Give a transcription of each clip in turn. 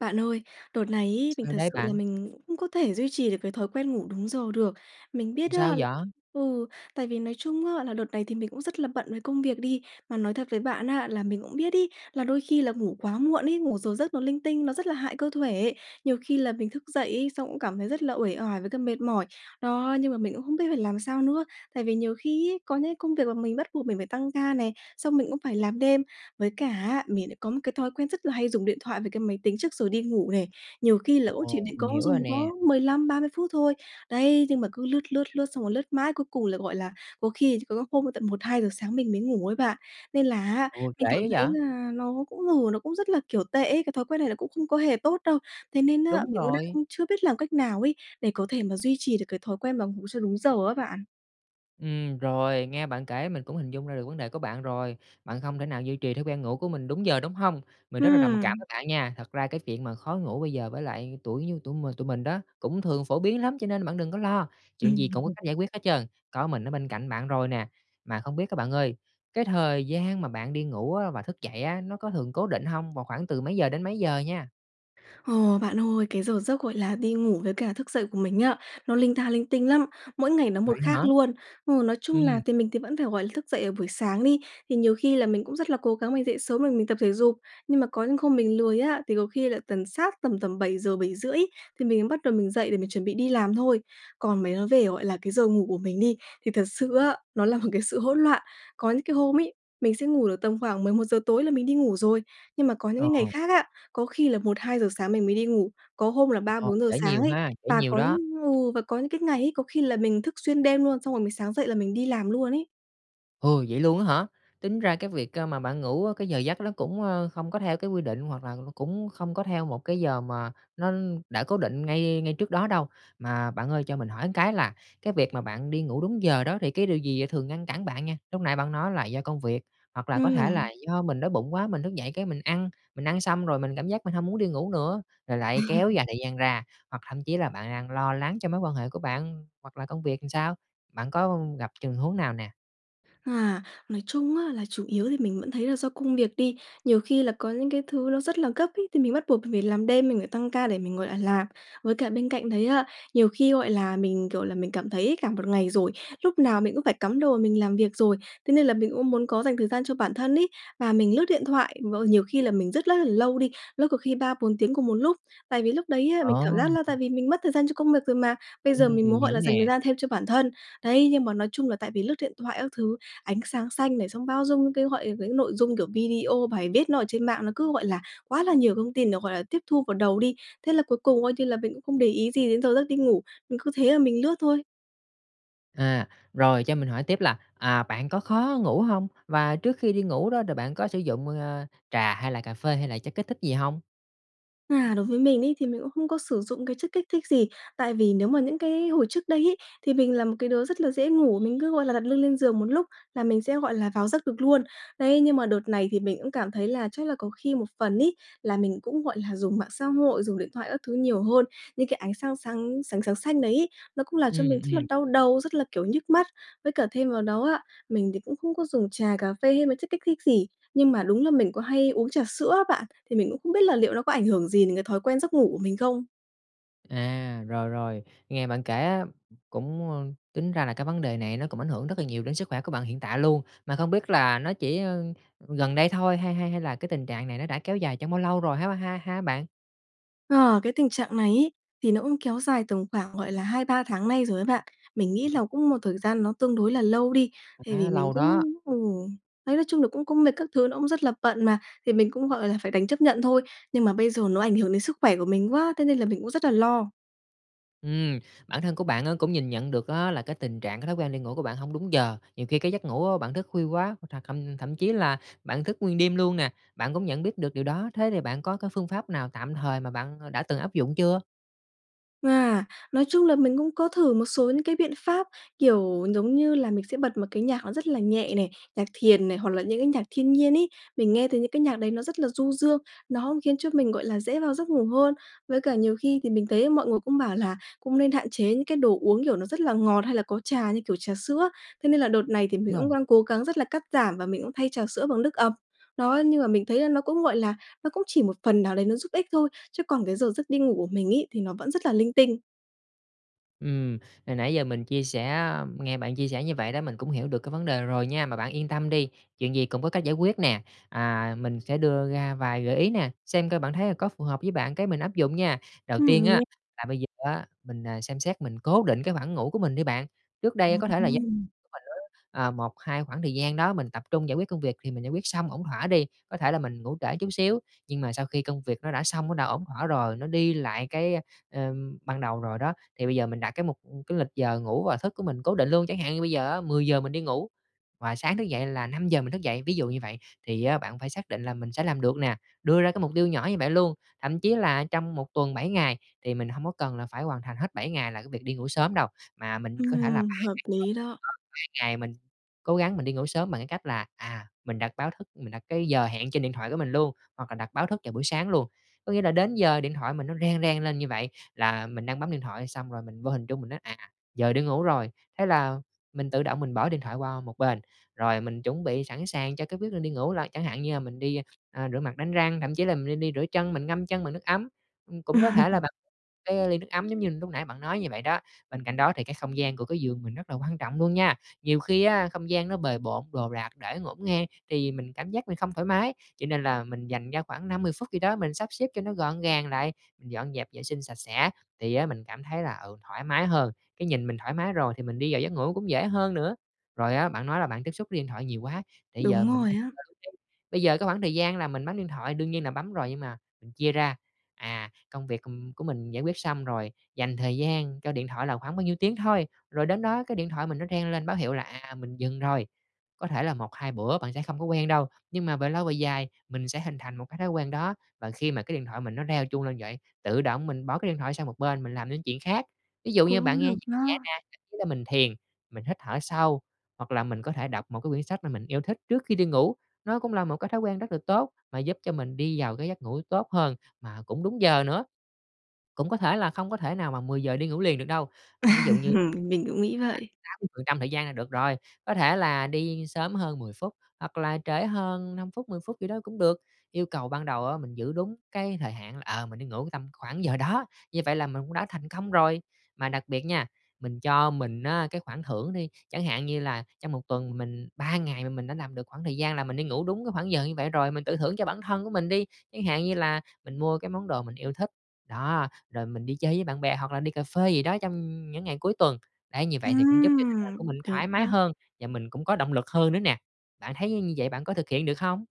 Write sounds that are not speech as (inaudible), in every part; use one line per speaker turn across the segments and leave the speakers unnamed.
Bạn ơi, đợt này ấy mình
Sao
thực
đấy
sự là
bạn?
mình không có thể duy trì được cái thói quen ngủ đúng giờ được. Mình
Làm
biết á
sao vậy?
ừ, tại vì nói chung á là đợt này thì mình cũng rất là bận với công việc đi. Mà nói thật với bạn á, là mình cũng biết ấy là đôi khi là ngủ quá muộn ấy, ngủ giờ giấc nó linh tinh, nó rất là hại cơ thể. Nhiều khi là mình thức dậy ấy, xong cũng cảm thấy rất là uể oải với cả mệt mỏi. Đó, nhưng mà mình cũng không biết phải làm sao nữa. Tại vì nhiều khi ấy, có những cái công việc mà mình bắt buộc mình phải tăng ca này, xong mình cũng phải làm đêm, với cả á mình lại có một cái thói quen rất là hay dùng điện thoại với cái máy tính trước rồi đi ngủ này. Nhiều khi là cũng chỉ
Ồ!
định
Mình
có
hiểu
dùng
rồi
có
nè.
15-30 phút thôi, đấy, nhưng mà cứ lướt, lướt, lướt xong rồi lướt mãi, cuối cùng là, gọi là, có khi rồi có hôm tận 1:00-2:00 sáng mình mới ngủ ấy bạn. Nên là á
Ôi, trễ
mình cảm
quá
thấy
vậy?
là nó cũng ngủ nó cũng rất là, kiểu, tệ ấy, cái thói quen này nó cũng không có hề tốt đâu. Thế nên á
Đúng
mình cũng
rồi.
đang chưa biết làm cách nào ấy để có thể mà duy trì được cái thói quen mà ngủ cho đúng giờ á bạn.
Ừm, rồi, nghe bạn kể mình cũng hình dung ra được vấn đề của bạn rồi. Bạn không thể nào duy trì thói quen ngủ của mình đúng giờ, đúng hông? Mình rất là đồng cảm
Ừm.
với bạn nha. Thật ra cái chuyện mà khó ngủ bây giờ với lại tuổi như tụi mình tụi mình đó cũng thường phổ biến lắm, cho nên bạn đừng có lo, chuyện gì
Ừm.
cũng có cách giải
(laughs)
quyết hết trơn, có mình ở bên cạnh bạn rồi nè. Mà không biết á bạn ơi, cái thời gian mà bạn đi ngủ á và thức dậy á, nó có thường cố định hông? Và khoảng từ mấy giờ đến mấy giờ nha?
Ồ, bạn ơi, cái giờ giấc gọi là đi ngủ với cả thức dậy của mình á, nó linh ta linh tinh lắm, mỗi ngày nó một
Vậy
khác
hả?
luôn. Ừ, nói chung là
Ừm.
thì mình thì vẫn phải, gọi là, thức dậy ở buổi sáng đi, thì nhiều khi là mình cũng rất là cố gắng mình dậy sớm rồi mình tập thể dục. Nhưng mà có những hôm mình lười á, thì có khi là tầm sát tầm tầm 7:00-7:30 thì mình mới bắt đầu mình dậy để mình chuẩn bị đi làm thôi. Còn mấy nói về, gọi là, cái giờ ngủ của mình đi, thì thật sự á, nó là một cái sự hỗn loạn. Có những cái hôm ấy, mình sẽ ngủ được tầm khoảng 11:00 tối là mình đi ngủ rồi, nhưng mà có những
Ờ.
cái ngày khác á, có khi là 1:00-2:00 sáng mình mới đi ngủ, có hôm là ba,
Ồ.
bốn giờ
Trễ
sáng
nhiều
ấy,
ha, trễ
và
nhiều
có
đó!
ừ, và có những cái ngày ấy, có khi là mình thức xuyên đêm luôn xong rồi mình sáng dậy là mình đi làm luôn ấy.
Ừ, vậy luôn á hả? Tính ra cái việc, a, mà bạn ngủ cái giờ giấc nó cũng, ơ, không có theo cái quy định, hoặc là cũng không có theo một cái giờ mà nó đã cố định ngay ngay trước đó đâu. Mà bạn ơi cho mình hỏi cái là cái việc mà bạn đi ngủ đúng giờ đó thì cái điều gì thường ngăn cản bạn nha? Lúc nãy bạn nói là do công việc, hoặc là có thể là
Ừm.
do mình đói bụng quá, mình thức dậy cái mình ăn, mình ăn xong rồi mình cảm giác mình hông muốn đi ngủ nữa, rồi lại kéo dài
(laughs)
thời gian ra, hoặc thậm chí là bạn đang lo lắng cho mối quan hệ của bạn hoặc là công việc sao? Bạn có gặp trường huống nào nè?
À, nói chung á là chủ yếu thì mình vẫn thấy là do công việc đi. Nhiều khi là có những cái thứ nó rất là gấp ấy, thì mình bắt buộc mình phải làm đêm, mình phải tăng ca để mình ngồi lại làm. Với cả bên cạnh đấy á, nhiều khi, gọi là, mình, kiểu là, mình cảm thấy ấy cả một ngày rồi, lúc nào mình cũng phải cắm đầu mà mình làm việc rồi, thế nên là mình cũng muốn có dành thời gian cho bản thân ấy. Và mình lướt điện thoại v nhiều khi là mình rất rất là lâu đi, lướt có khi 3-4 tiếng cùng một lúc. Tại vì lúc đấy á
Ờ.
mình cảm giác là tại vì mình mất thời gian cho công việc rồi mà, bây giờ
Ừm.
mình
Mình
muốn, gọi
hiểu
là, dành thời
nè.
gian thêm cho bản thân. Đấy, nhưng mà nói chung là tại vì lướt điện thoại các thứ, ánh sáng xanh này, xong bao dung cái gọi những nội dung, kiểu, video, bài viết nó ở trên mạng nó cứ, gọi là, quá là nhiều thông tin để, gọi là, tiếp thu vào đầu đi. Thế là cuối cùng coi như là mình cũng không để ý gì đến giờ giấc đi ngủ, mình cứ thế là mình lướt thôi.
À, rồi, cho mình hỏi tiếp là, à, bạn có khó ngủ hông? Và trước khi đi ngủ đó rồi bạn có sử dụng, à, trà hay là cà phê hay là chất kích thích gì hông?
À, đối với mình ấy thì mình cũng không có sử dụng cái chất kích thích gì. Tại vì nếu mà những cái hồi trước đây ấy, thì mình là một cái đứa rất là dễ ngủ, mình cứ, gọi là, đặt lưng lên giường một lúc là mình sẽ, gọi là, vào giấc được luôn. Đấy, nhưng mà đợt này thì mình cũng cảm thấy là chắc là có khi một phần ấy là mình cũng, gọi là, dùng mạng xã hội, dùng điện thoại các thứ nhiều hơn, những cái ánh sang sáng sáng sáng xanh đấy ấy, nó cũng làm cho
Ừm,
mình rất là
ừm.
đau đầu, rất là, kiểu, nhức mắt. Với cả thêm vào đó á, mình thì cũng không có dùng trà, cà phê hay mấy chất kích thích gì, nhưng mà đúng là mình có hay uống trà sữa á bạn, thì mình cũng không biết là liệu nó có ảnh hưởng gì đến cái thói quen giấc ngủ của mình không?
À, rồi, rồi, nghe bạn kể á cũng, a, tính ra là cái vấn đề này nó cũng ảnh hưởng rất là nhiều đến sức khỏe của bạn hiện tại luôn. Mà không biết là nó chỉ, ờ, gần đây thôi hay hay hay là cái tình trạng này nó đã kéo dài trong bao lâu rồi ha ha ha bạn?
Ờ, cái tình trạng này ấy thì nó cũng kéo dài tầm khoảng, gọi là, 2-3 tháng nay rồi á bạn. Mình nghĩ là cũng một thời gian nó tương đối là lâu đi, tại vì
Khá
mình
lâu
cũng
đó.
ừ, đấy, nói chung là cũng cũng mệt, các thứ nó cũng rất là bận mà, thì mình cũng, gọi là, phải đành chấp nhận thôi. Nhưng mà bây giờ nó ảnh hưởng đến sức khỏe của mình quá thế nên là mình cũng rất là lo.
Ừm, bản thân của bạn á cũng nhìn nhận được á là cái tình trạng, cái thói quen đi ngủ của bạn hông đúng giờ. Nhiều khi cái giấc ngủ á bạn thức khuya quá, hoặc là thậm thậm chí là bạn thức nguyên đêm luôn nè, bạn cũng nhận biết được điều đó. Thế thì bạn có cái phương pháp nào tạm thời mà bạn đã từng áp dụng chưa?
À, nói chung là mình cũng có thử một số những cái biện pháp, kiểu, giống như là mình sẽ bật một cái nhạc nó rất là nhẹ này, nhạc thiền này, hoặc là những cái nhạc thiên nhiên ấy. Mình nghe thấy những cái nhạc đấy nó rất là du dương, nó khiến cho mình, gọi là, dễ vào giấc ngủ hơn. Với cả nhiều khi thì mình thấy mọi người cũng bảo là cũng nên hạn chế những cái đồ uống kiểu nó rất là ngọt hay là có trà như kiểu trà sữa, thế nên là đợt này thì mình
Đúng rồi.
cũng đang cố gắng rất là cắt giảm và mình cũng thay trà sữa bằng nước ầm. Đó, nhưng mà mình thấy là nó cũng, gọi là, nó cũng chỉ một phần nào đấy nó giúp ích thôi, chứ còn cái giờ giấc đi ngủ của mình ấy thì nó vẫn rất là linh tinh.
Ừm, hồi nãy giờ mình chia sẻ nghe bạn chia sẻ như vậy đó, mình cũng hiểu được cái vấn đề rồi nha, mà bạn yên tâm đi, chuyện gì cũng có cách giải quyết nè, à, mình sẽ đưa ra vài gợi ý nè, xem coi bạn thấy là có phù hợp với bạn, cái mình áp dụng nha. Đầu
Ừm,
tiên
mình
á,
nghe
là bây giờ á, mình, ờ, xem xét mình cố định cái khoảng ngủ của mình đi bạn. Trước đây á, có thể là do
Ừm.
(unintelligible) ờ, một hai khoảng thời gian đó mình tập trung giải quyết công việc thì mình giải quyết xong ổn thỏa đi, có thể là mình ngủ trễ chút xíu, nhưng mà sau khi công việc nó đã xong, nó đã ổn thỏa rồi, nó đi lại cái, ờ, ừm, ban đầu rồi đó, thì bây giờ mình đặt cái mục cái lịch giờ ngủ và thức của mình cố định luôn. Chẳng hạn như bây giờ á 10:00 mình đi ngủ và sáng thức dậy là 5:00 mình thức dậy, ví dụ như vậy, thì á bạn phải xác định là mình sẽ làm được nè, đưa ra cái mục tiêu nhỏ như vậy luôn. Thậm chí là trong một tuần 7 ngày thì mình hông có cần phải hoàn thành hết 7 ngày là cái việc đi ngủ sớm đâu, mà mình có thể là 3
Ừm, hợp
ngày,
lý đó.
3 ngày mình cố gắng mình đi ngủ sớm bằng cái cách là, à, mình đặt báo thức, mình đặt cái giờ hẹn trên điện thoại của mình luôn, hoặc là đặt báo thức vào buổi sáng luôn. Có nghĩa là đến giờ điện thoại mình nó reng reng lên như vậy, là mình đang bấm điện thoại xong rồi mình vô hình chung mình nói, à, giờ đi ngủ rồi, thế là mình tự động mình bỏ điện thoại qua một bên, rồi mình chuẩn bị sẵn sàng cho cái quyết định đi ngủ. Rồi chẳng hạn như là mình đi, ờ, rửa mặt đánh răng, thậm chí là mình nên đi rửa chân, mình ngâm chân bằng nước ấm, ừm, cũng có thể là bằng
(laughs)
cái ly nước ấm giống như lúc nãy bạn nói như vậy đó. Bên cạnh đó thì cái không gian của cái giường mình rất là quan trọng luôn nha. Nhiều khi á không gian nó bề bộn, đồ đạc để ngổn ngang thì mình cảm giác mình không thoải mái, cho nên là mình dành ra khoảng 5-10 phút gì đó mình sắp xếp cho nó gọn gàng lại, mình dọn dẹp vệ sinh sạch sẽ thì á mình cảm thấy là, ừ, thoải mái hơn, cái nhìn mình thoải mái rồi thì mình đi vào giấc ngủ cũng dễ hơn nữa. Rồi á bạn nói là bạn tiếp xúc với điện thoại nhiều quá, thì bây giờ
Đúng
mình
rồi á.
(unintelligible) bây giờ cái khoảng thời gian là mình bấm điện thoại đương nhiên là bấm rồi, nhưng mà mình chia ra, à, công việc của của mình giải quyết xong rồi, dành thời gian cho điện thoại là khoảng bao nhiêu tiếng thôi, rồi đến đó cái điện thoại mình nó reng lên báo hiệu là, à, mình dừng rồi. Có thể là 1, 2 bữa bạn sẽ không có quen đâu, nhưng mà về lâu về dài mình sẽ hình thành một cái thói quen đó, và khi mà cái điện thoại mình nó reo chuông lên vậy, tự động mình bỏ cái điện thoại sang một bên, mình làm những chuyện khác. Ví dụ như
Cũng
bạn nghe
được
nhạc nhẹ
đó.
nè, ý là mình thiền, mình hít thở sâu hoặc là mình có thể đọc một cái quyển sách mà mình yêu thích trước khi đi ngủ, nó cũng là một cái thói quen rất là tốt, mà giúp cho mình đi vào cái giấc ngủ tốt hơn mà cũng đúng giờ nữa. Cũng có thể là không có thể nào mà 10:00 đi ngủ liền được đâu, ví dụ như khoảng
(laughs) Mình cũng nghĩ vậy.
80% thời gian là được rồi, có thể là đi sớm hơn 10 phút, hoặc là trễ hơn 5 phút, 10 phút gì đó cũng được. Yêu cầu ban đầu á mình giữ đúng cái thời hạn, ờ, mình đi ngủ tầm khoảng giờ đó, như vậy là mình cũng đã thành công rồi. Mà đặc biệt nha, mình cho mình á cái khoản thưởng đi, chẳng hạn như là trong một tuần mình 3 ngày mà mình đã làm được khoảng thời gian là mình đi ngủ đúng cái khoảng giờ như vậy rồi, mình tự thưởng cho bản thân của mình đi, chẳng hạn như là mình mua cái món đồ mình yêu thích, đó, rồi mình đi chơi với bạn bè hoặc là đi cà phê gì đó trong những ngày cuối tuần. Đấy, như vậy thì cũng giúp cho tâm trạng của
Ừm,
mình
được
thoải mái
đó.
hơn và mình cũng có động lực hơn nữa nè. Bạn thấy như như vậy bạn có thực hiện được hông?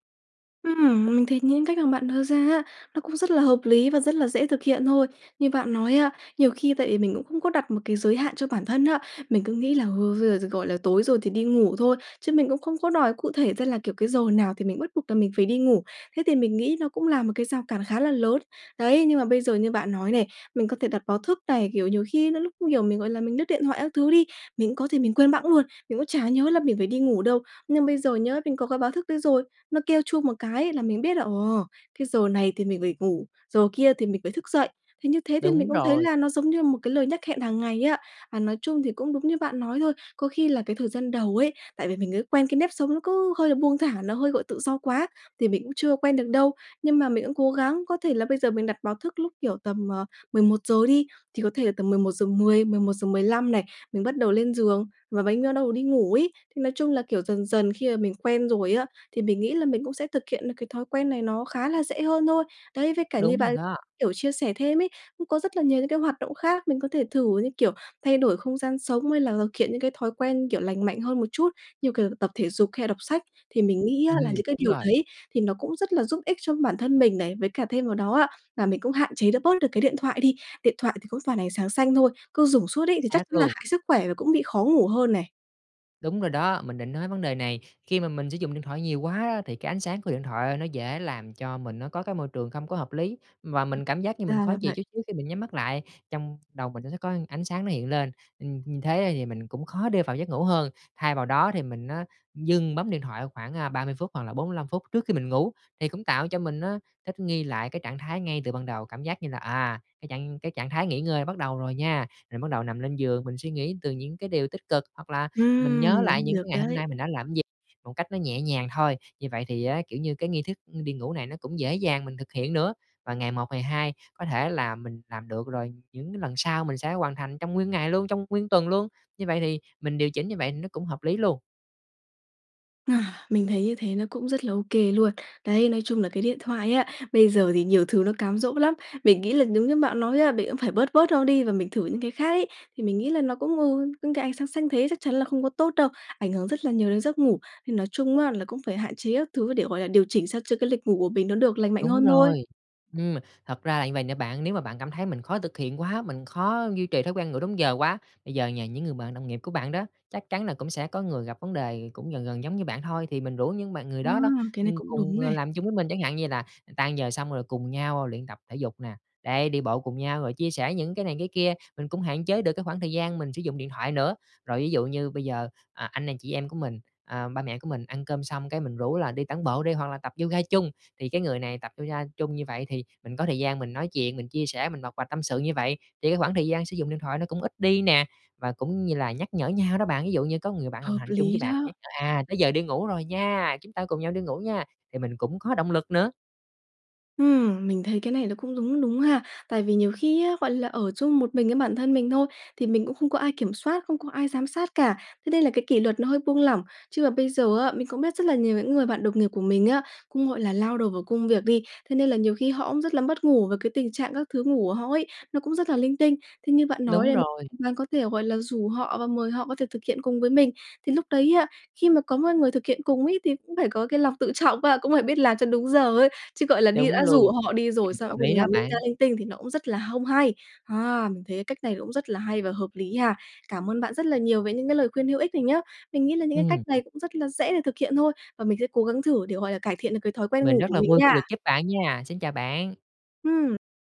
Ừm, mình thấy những cách mà bạn đưa ra á, nó cũng rất là hợp lý và rất là dễ thực hiện thôi. Như bạn nói á, nhiều khi tại vì mình cũng không có đặt một cái giới hạn cho bản thân á, mình cứ nghĩ là, ơ, bây giờ, gọi là, tối rồi thì đi ngủ thôi, chứ mình cũng không có đòi cụ thể ra là, kiểu, cái giờ nào thì mình bắt buộc là mình phải đi ngủ, thế thì mình nghĩ nó cũng là một cái rào cản khá là lớn. Đấy, nhưng mà bây giờ như bạn nói này, mình có thể đặt báo thức này, kiểu, nhiều khi nó lúc, kiểu, mình, gọi là, mình lướt điện thoại các thứ đi, mình cũng có gì mình quên bẵng luôn, mình cũng chả nhớ là mình phải đi ngủ đâu. Nhưng bây giờ nhớ, mình có cái báo thức đấy rồi, nó kêu chuông một cái là mình biết là, ồ, cái giờ này thì mình phải ngủ, giờ kia thì mình phải thức dậy, thì như thế thì mình
Đúng
cũng thấy
rồi.
là nó giống như một cái lời nhắc hẹn hàng ngày ấy ạ. À, nói chung thì cũng đúng như bạn nói thôi, có khi là cái thời gian đầu ấy, tại vì mình cứ quen cái nếp sống nó cứ hơi là buông thả, nó hơi, gọi, tự do quá, thì mình cũng chưa quen được đâu. Nhưng mà mình cũng cố gắng có thể là bây giờ mình đặt báo thức lúc, kiểu, tầm, à, 11:00 đi, thì có thể là tầm 11:10-11:15 này, mình bắt đầu lên giường và bánh bắt đầu đi ngủ ấy, thì nói chung là, kiểu, dần dần khi mà mình quen rồi á, thì mình nghĩ là mình cũng sẽ thực hiện được cái thói quen này nó khá là dễ hơn thôi. Đấy với cả như
Đúng rồi
bạn,
đó.
kiểu, chia sẻ thêm ấy, cũng có rất là nhiều những cái hoạt động khác mình có thể thử như, kiểu, thay đổi không gian sống hay là thực hiện những cái thói quen, kiểu, lành mạnh hơn một chút, như, kiểu, tập thể dục hay là đọc sách thì mình nghĩ á là
Ừm,
những cái
đúng
điều
rồi.
đấy thì nó cũng rất là giúp ích cho bản thân mình này. Với cả thêm vào đó á, là mình cũng hạn chế được bớt cái điện thoại đi, điện thoại thì cũng toàn ánh sáng xanh thôi, cứ dủng suốt ấy thì chắc
Xác
chắn là
luôn.
hại sức khỏe và cũng bị khó ngủ hơn này.
Đúng rồi đó, mình định nói vấn đề này. Khi mà mình sử dụng điện thoại nhiều quá á thì cái ánh sáng của điện thoại nó dễ làm cho mình nó có cái môi trường không có hợp lý, và mình cảm giác như mình
Ra
khó
là
chịu
vậy.
chút xíu khi mình nhắm mắt lại, trong đầu mình nó sẽ có ánh sáng nó hiện lên, ừm, như thế thì mình cũng khó để vào giấc ngủ hơn. Thay vào đó thì mình á dừng bấm điện thoại khoảng, à, 30 phút hoặc là 45 phút trước khi mình ngủ, thì cũng tạo cho mình á thích nghi lại cái trạng thái ngay từ ban đầu, cảm giác như là, à, cái trạng cái trạng thái nghỉ ngơi bắt đầu rồi nha, rồi bắt đầu nằm lên giường mình suy nghĩ từ những cái điều tích cực, hoặc là mình nhớ lại
Ừm,
những
được
cái ngày hôm
đấy!
nay mình đã làm cái gì một cách nó nhẹ nhàng thôi. Như vậy thì á, kiểu như, cái nghi thức đi ngủ này nó cũng dễ dàng mình thực hiện nữa. Và ngày một, ngày hai có thể là mình làm được rồi, những cái lần sau mình sẽ hoàn thành trong nguyên ngày luôn, trong nguyên tuần luôn, như vậy thì mình điều chỉnh như vậy nó cũng hợp lý luôn.
Ờ, mình thấy như thế nó cũng rất là ô kê luôn. Đấy, nói chung là cái điện thoại á, bây giờ thì nhiều thứ nó cám dỗ lắm, mình nghĩ là giống như bạn nói á, mình cũng phải bớt bớt nó đi và mình thử những cái khác ấy. Thì mình nghĩ là nó cũng, ừ, những cái ánh sáng xanh thế chắc chắn là không có tốt đâu, ảnh hưởng rất là nhiều đến giấc ngủ. Thì nói chung á là cũng phải hạn chế các thứ để, gọi là, điều chỉnh sao cho cái lịch ngủ của mình nó được lành mạnh
Đúng
hơn thôi.
rồi. Ừm, thật ra là như vầy nè bạn, nếu mà bạn cảm thấy mình khó thực hiện quá, mình khó duy trì thói quen ngủ đúng giờ quá, bây giờ nhờ những người bạn đồng nghiệp của bạn đó, chắc chắn là cũng sẽ có người gặp vấn đề cũng gần gần giống như bạn thôi, thì mình rủ những bạn người
À,
đó đó,
cái này
ừm,
cũng
cùng,
đúng
à,
này.
làm chung với mình. Chẳng hạn như là tan giờ xong rồi cùng nhau luyện tập thể dục nè, đấy, đi bộ cùng nhau, rồi chia sẻ những cái này cái kia, mình cũng hạn chế được cái khoảng thời gian mình sử dụng điện thoại nữa. Rồi ví dụ như bây giờ, à, anh nè chị em của mình, ờ, ba mẹ của mình ăn cơm xong cái mình rủ là đi tản bộ đi, hoặc là tập yoga chung, thì cái người này tập yoga chung như vậy thì mình có thời gian mình nói chuyện, mình chia sẻ, mình bộc bạch tâm sự như vậy, thì cái khoảng thời gian sử dụng điện thoại nó cũng ít đi nè. Và cũng như là nhắc nhở nhau đó bạn, ví dụ như có người bạn đồng
Hợp
hành chung với
lý
bạn
đó!
nhắc nhở: "À, tới giờ đi ngủ rồi nha! Chúng ta cùng nhau đi ngủ nha!" thì mình cũng có động lực nữa.
Ừm, mình thấy cái này nó cũng đúng đúng ha. Tại vì nhiều khi á, gọi là, ở chung một mình với bản thân mình thôi, thì mình cũng không có ai kiểm soát, không có ai giám sát cả, thế nên là cái kỷ luật nó hơi buông lỏng, chứ mà bây giờ á, mình cũng biết rất là nhiều những người bạn đồng nghiệp của mình á, cũng, gọi là, lao đầu vào công việc đi, thế nên là nhiều khi họ cũng rất là mất ngủ với cái tình trạng các thứ ngủ của họ ấy, nó cũng rất là linh tinh. Thế như bạn nói
Đúng
này
rồi.
bạn có thể, gọi là, rủ họ và mời họ có thể thực hiện cùng với mình, thì lúc đấy á, khi mà có một người thực hiện cùng ấy thì cũng phải có cái lòng tự trọng á, cũng phải biết làm cho đúng giờ ấy, chứ, gọi là, đi
Đúng
đã
luôn.
rủ họ đi
Ừm,
rồi xong
hợp
cuối
lý
cùng
đó
làm linh
bạn.
ta linh tinh thì nó cũng rất là không hay. À, mình thấy cái cách này cũng rất là hay và hợp lý ha, cảm ơn bạn rất là nhiều về những cái lời khuyên hữu ích này nhé! Mình nghĩ là những cái cách
Ừm.
này cũng rất là dễ để thực hiện thôi, và mình sẽ cố gắng thử để, gọi là, cải thiện được cái thói quen
Mình
ngủ
rất
của
là
mình
vui khi
nha.
được giúp bạn nha! Xin chào bạn!
Ừm.